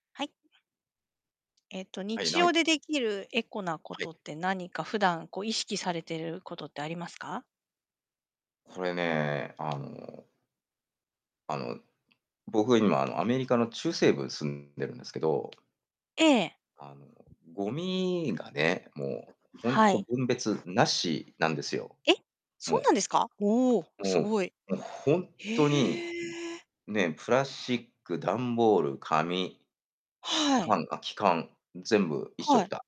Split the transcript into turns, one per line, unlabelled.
はい。えっと、
はい、
日
な
常でできるエコなこ
はい。
とって何か普段こう、意識されてることってありますか？
これね、あのあの、僕今あのアメリカの中西部に住んでるんですけど
ええ。
あのゴミがね、もうほん
は
と
い。
分別なしなんですよ。
え、
も
そう
う
なんですか？おお、
も
すごい。
う、もうほんっとに、
へえ。
ね、プラスチック、ダンボール、紙、
はい。
缶空き缶、全部一緒
は
くた。
い。